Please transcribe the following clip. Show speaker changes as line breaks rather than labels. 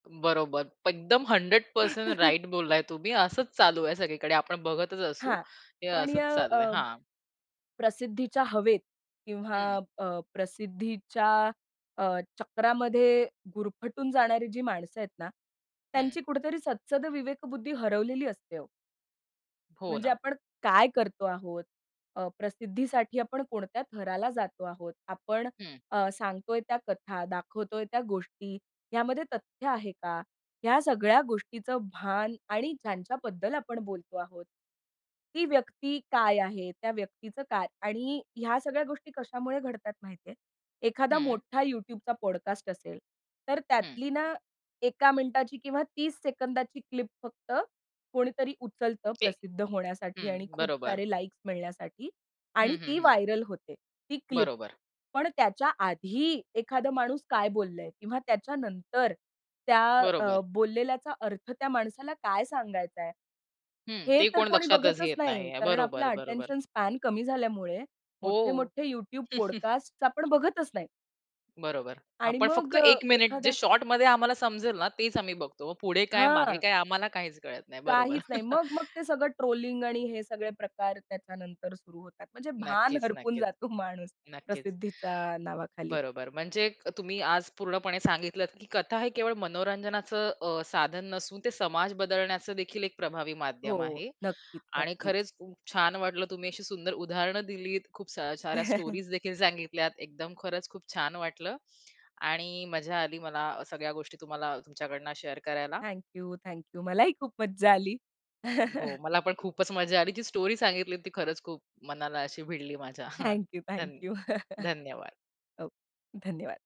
बरोबर. एकदम 100% राइट बोललाय तुम्ही. असंच चालू आहे सगळीकडे आपण बघतच असू,
हां.
हे
पण य
असंच चाललंय.
अ,
हां.
प्रसिद्धीच्या हवेत किंवा
हं.
अ, प्रसिद्धीच्या अ, चक्रामध्ये गुरफटून जाणारी जी माणसं आहेत ना,
हं.
त्यांची कुठेतरी सत्सगविवेक बुद्धी हरवलेली असते ओ.
हो
म्हणजे
ना.
आपण काय करतो आहोत, अ, प्रसिद्धीसाठी आपण कोणत्या थराला जातो आहोत, आपण
हं.
अ, सांगतोय त्या कथा, दाखवतोय त्या गोष्टी ह्यामध्ये तथ्य आहे का, ह्या सगळ्या गोष्टीचं भान आणि ज्यांच्याबद्दल आपण बोलतो आहोत, ती व्यक्ती काय आहे? त्या व्यक्तीचं काय आणि ह्या सगळ्या गोष्टी कशामुळे घडतात माहितीये, एखादा
हं.
मोठा YouTubeचा पॉडकास्ट असेल, तर
हं.
त्यातली ना, 1का मिनिटाची किंवा 30 सेकंदाची क्लिप फक्त कोणीतरी उचलतं
जे,
प्रसिद्ध होण्यासाठी आणि
हं.
खूप
बरोबर.
सारे लाइक्स मिळण्यासाठी आणि
हं, हं,
ती
हं.
व्हायरल होते ती क्लिप.
बरोबर.
पण त्याच्या आधी एखादा माणूस काय बोललंय किंवा त्याच्यानंतर त्या अ,
बरोबर.
बोललेल्याचा अर्थ त्या माणसाला काय सांगायचाय,
हं.
हे
ते
तर
कोण
कोणी
लक्षातच
बघतच
घेत
नाही,
नाहीये.
कारण आपला
बरोबर, बरोबर.
अटेन्शन स्पॅन कमी झाल्यामुळे, मोठे
ओहो!
मोठे YouTube पॉडकास्ट आपण बघतच नाही.
बरोबर.
आणि
आपण फक्त
मग अ,
1 मिनिट जे
एखादा
शॉर्टमध्ये आम्हाला समजेल ना, तेच आम्ही बघतो. पुढे काय, मागे
हां.
काय आम्हाला काहीच कळत नाही. बरोबर.
काहीच नाही. मग-मग ते सगळं ट्रोलिंग आणि हे सगळे प्रकार त्याच्यानंतर सुरु होतात. म्हणजे भान
नक्कीच,
हरपून
नक्कीच,
जातो माणूस
नक्कीच.
प्रसिद्धीच्या नावाखाली.
बरोबर म्हणजे अ, तुम्ही आज पूर्णपणे सांगितलत की कथा हे केवळ मनोरंजनाचं अ, साधन नसून ते समाज बदलण्याचंदेखील एक प्रभावी माध्यम
हो.
आहे
नक्कीच,
आणि
नक्कीच.
खरंच खूप छान वाटलं तुम्ही अशी सुंदर उदाहरणं दिलीत, खूप स साऱ्या स्टोरीजदेखील सांगितल्यात, एकदम खरंच खूप छान वाटलं आणि मजा आली मला सगळ्या गोष्टी तुम्हाला तुमच्याकडनं शेअर करायला.
Thank you, thank you. मलाही खूप मज्जा आली.
हो. मला पण खूपच मज्जा आली. ती स्टोरी सांगितली, ती खरंच खूप मनाला अशी भिडली माझ्या.
थँक यू, थँक
धन्य
यू.
धन्यवाद.
हो. धन्यवाद.